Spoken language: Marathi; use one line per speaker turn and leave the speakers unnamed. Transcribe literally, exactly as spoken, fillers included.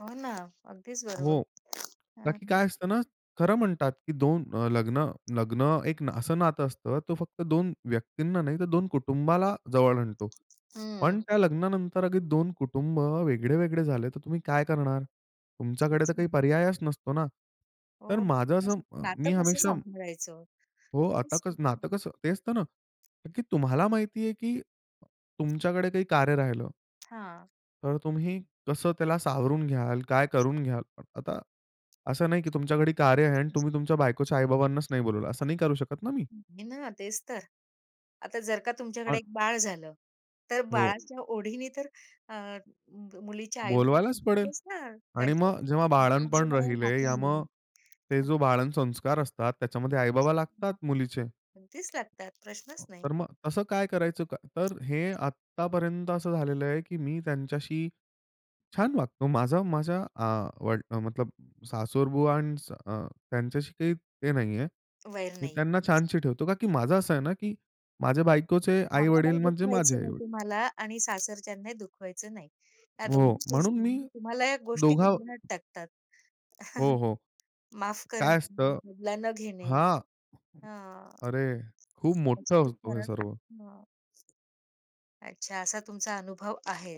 हो ना. अगदीच बरोबर
हो. का
हं,
की काय असतं
हं.
ना, खरं म्हणतात की दोन अ, लग्न लग्न एक असं नातं असतं तो फक्त दोन व्यक्तींना नाही तर दोन कुटुंबाला जवळ आणतो.
हं.
पण त्या लग्नानंतर अगर दोन कुटुंब वेगळे-वेगळे झाले तर तुम्ही काय करणार? तुमच्याकडे
तेच
तर काही
म्हणजे.
पर्यायच नसतो ना? तर
हो.
माझं असं
असं
अ,
नातं
मी
कसं
हमेशा
सांभाळायचं?
हो. आता
खूपच
क
कठीण
नातं
आहे.
कसं ते असतं ना का की तुम्हाला माहिती आहे की तुमच्याकडे काही कार्य राहिलं.
हां.
तर तुम्ही कसं त्याला सावरून घ्याल, काय करून घ्याल? अ, आता असं नाही की तुमच्याकडे कार्य आहे आणि तुम्ही तुमच्या बायकोच्या आई-बाबांनाच नाही बोलावलं. असं नाही करू शकत ना मी?
नाही ना. तेच तर. आता जर का तुमच्याकडे
अ.
एक बाळ झालं. तर
हो.
बाळाच्या ओढीनी तर अ, मुलीचे आई-वडील
बोलवायलाच पडेल.
येतीलच ना.
आणि
त्यांच्या.
मग जेव्हा बाळनपण राहिले या मग ते जो बाळन संस्कार असतात
[unintelligible] मग
त्याच्यामध्ये आई-बाबा लागतात मुलीचे.
अगदीच लागतात प्रश्नच नाही.
तर मग तसं काय करायचं? का तर हे आत्तापर्यंत असं झालेलं आहे की मी त्यांच्याशी छान वागतो. माझा माझ्या अ, वड, अ, मतलब सासरबुआ अ, त्यांच्याशी काही ते नाहीये.
वैर
मी
नाही
त्यांना
घ्यायचं.
छानशी ठेवतो. का की माझं असं आहे ना की माझ्या बायकोचे आई-वडील
[unintelligible]
म्हणजे माझे
दुखवायचं नाही
आई-वडील.
तुम्हाला आणि सासरच्यांनाही दुखवायचं नाही. या
हो.
दोन्ही गोष्टी
म्हणून मी
[unintelligible] तुम्हाला या गोष्टी
दोघा
गोंधळात टाकतात.
हो, हो.
माफ
काय
करणे आणि
असतं?
बदला न घेणे.
हां.
हां.
अरे! खूप
म्हणजे
मोठा
ते
असतो हे
फरक
सर्व.
हं. अच्छा असा तुमचा अनुभव आहे.